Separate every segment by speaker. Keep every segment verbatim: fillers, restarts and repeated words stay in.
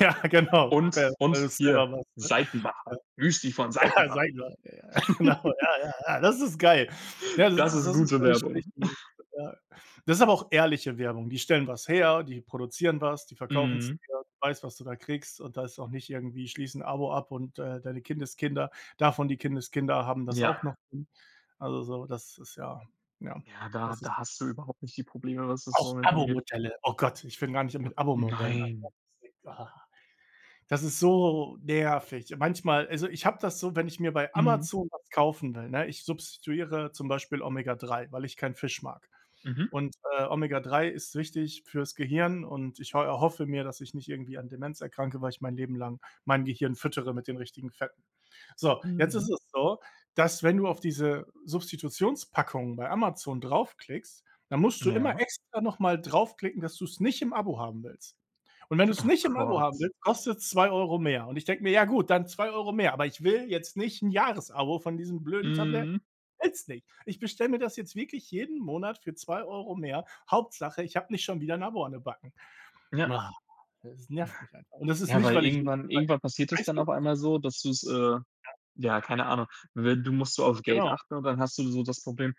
Speaker 1: Ja, genau. We
Speaker 2: Und und
Speaker 1: wenn du's
Speaker 2: hier
Speaker 1: immer machst, ne?
Speaker 2: Seitenbacher.
Speaker 1: Ja.
Speaker 2: Müsli von
Speaker 1: Ja,
Speaker 2: Seitenbacher.
Speaker 1: sage ich doch. Ja, ja, genau. Ja, ja, ja, das ist geil. Ja, das
Speaker 2: Das
Speaker 1: ist
Speaker 2: ist
Speaker 1: das ist
Speaker 2: gute
Speaker 1: für mich
Speaker 2: Werbung.
Speaker 1: recht gut, ja. Das ist aber auch ehrliche Werbung. Die stellen was her, die produzieren was, die verkaufen's
Speaker 2: Mhm.
Speaker 1: dir, du weißt, was du da kriegst, und da ist auch nicht irgendwie: „Schließe 'n Abo ab und, äh, deine Kindeskinder, davon die Kindeskinder haben das auch
Speaker 2: Ja.
Speaker 1: noch drin.“ Also so, das ist ja, ja.
Speaker 2: Ja, da
Speaker 1: Das ist
Speaker 2: da hast du überhaupt nicht die Probleme, was das
Speaker 1: Auch
Speaker 2: [unintelligible] angeht.
Speaker 1: Abomodelle. Oh Gott, ich fange gar nicht an mit Abomodellen an.
Speaker 2: Nein.
Speaker 1: [unintelligible] Ah. Das ist so nervig. Manchmal also, ich habe das so, wenn ich mir bei
Speaker 2: Mhm.
Speaker 1: Amazon was kaufen will, ne ich substituiere zum Beispiel Omega 3, weil ich keinen Fisch mag-
Speaker 2: Mhm.
Speaker 1: und, äh, Omega 3 ist wichtig fürs Gehirn und ich ho erhoffe mir, dass ich nicht irgendwie an Demenz erkranke, weil ich mein Leben lang mein Gehirn füttere mit den richtigen Fetten. So, jetzt
Speaker 2: Mhm.
Speaker 1: ist es so, dass, wenn du auf diese Substitutionspackungen bei Amazon draufklickst, dann musst du immer
Speaker 2: Ja.
Speaker 1: extra noch mal draufklicken, dass du's nicht im Abo haben willst. Und wenn du's
Speaker 2: Oh
Speaker 1: nicht im Abo haben
Speaker 2: Gott.
Speaker 1: willst, kostet's zwei Euro mehr. Und ich denke mir: „Ja, gut, dann zwei Euro mehr, aber ich will jetzt nicht 'n Jahresabo von diesen blöden Tabletten.
Speaker 2: Mhm.
Speaker 1: Ich will's nicht.“ Ich bestelle mir das jetzt wirklich jeden Monat für zwei Euro mehr, Hauptsache, ich habe nicht schon wieder 'n Abo an den Backen.
Speaker 2: Ja.
Speaker 1: Maha! Es nervt mich einfach. Und das ist
Speaker 2: Ja,
Speaker 1: nicht,
Speaker 2: weil
Speaker 1: weil ich nicht
Speaker 2: irgendwann
Speaker 1: weil ich
Speaker 2: irgendwann passiert es dann auf
Speaker 1: preisbewusst
Speaker 2: einmal so, dass du's äh,
Speaker 1: Ja.
Speaker 2: ja, keine Ahnung, wenn du musst du auf Geld
Speaker 1: Genau.
Speaker 2: achten und dann hast du so das Problem: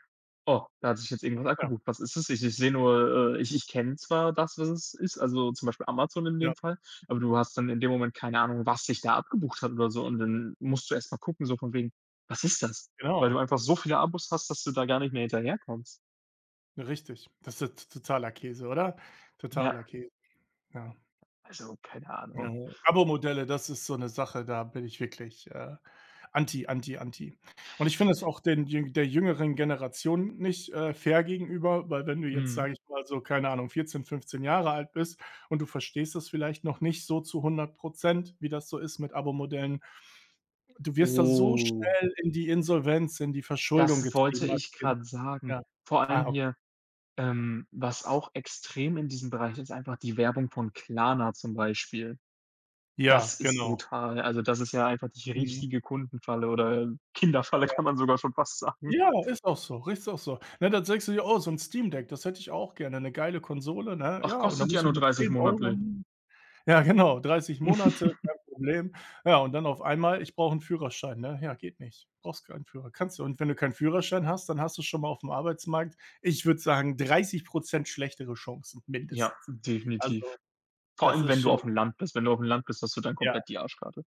Speaker 2: „Oh, da hat sich jetzt irgendwas
Speaker 1: Ja.
Speaker 2: abgebucht. Was ist das? Ich ich sehe nur äh, ich ich kenne zwar das, was es ist, also, zum Beispiel Amazon in
Speaker 1: Ja.
Speaker 2: dem Fall.“ Aber du hast dann in dem Moment keine Ahnung, was sich da abgebucht hat oder so, und dann musst du erst mal gucken so von wegen: „Was ist das?“ Weil
Speaker 1: Genau,
Speaker 2: du einfach so viele
Speaker 1: ja.
Speaker 2: Abos hast, dass du da gar nicht mehr hinterherkommst.
Speaker 1: Richtig. Das ist ja t totaler Käse, oder? Totaler
Speaker 2: Ja.
Speaker 1: Kä Ja.
Speaker 2: Also, keine
Speaker 1: Ja,
Speaker 2: Ahnung.
Speaker 1: Abomodelle, das ist so 'ne Sache, da bin ich wirklich, äh, anti, anti, anti. Und ich finde es auch den jüng der jüngeren Generation nicht, äh, fair gegenüber, weil, wenn du jetzt,
Speaker 2: Mhm.
Speaker 1: sage ich mal so, keine Ahnung, vierzehn, fünfzehn Jahre alt bist und du verstehst das vielleicht noch nicht so zu hundert Prozent, wie das so ist mit Abomodellen. Du wirst da so
Speaker 2: Oh.
Speaker 1: schnell in die Insolvenz in die Verschuldung
Speaker 2: Das wollte
Speaker 1: getrieben als
Speaker 2: ich
Speaker 1: Kind.
Speaker 2: grad sagen.
Speaker 1: Ja.
Speaker 2: Vor allem
Speaker 1: Ah, ok
Speaker 2: hier, ähm, was auch extrem in diesem Bereich ist, einfach die Werbung von Klarna zum Beispiel. Das
Speaker 1: Ja,
Speaker 2: ist
Speaker 1: genau.
Speaker 2: brutal. Also, das ist ja einfach die
Speaker 1: Mhm.
Speaker 2: richtige Kundenfalle oder, ähm, Kinderfalle,
Speaker 1: Ja.
Speaker 2: kann man sogar schon fast sagen.
Speaker 1: Ja, ist auch so rechts auch so. Na, dann denkst du dir: „Oh, so 'n Steam Deck, das hätte ich auch gerne.“ 'Ne geile Konsole, ne?
Speaker 2: Ach,
Speaker 1: Ja, und dann
Speaker 2: kostet ja
Speaker 1: musst du
Speaker 2: nur
Speaker 1: mit
Speaker 2: dreißig
Speaker 1: zehn Euro
Speaker 2: monatlich.
Speaker 1: mm Ja, genau, dreißig Monate, kein Problem. Ja, und dann auf einmal: „Ich brauche 'n Führerschein,“ ne? Ja, geht nicht. Brauchst keinen Führer kannst du und wenn du keinen Führerschein hast, dann hast du schon mal auf'm Arbeitsmarkt, ich würde sagen, dreißig Prozent schlechtere Chancen
Speaker 2: Ja,
Speaker 1: mindestens.
Speaker 2: definitiv.
Speaker 1: Also,
Speaker 2: Vor
Speaker 1: das
Speaker 2: allem,
Speaker 1: ist
Speaker 2: wenn du
Speaker 1: schon
Speaker 2: auf'm Land bist. Wenn du auf'm Land bist, hast du dann
Speaker 1: Ja.
Speaker 2: komplett die Arschkarte.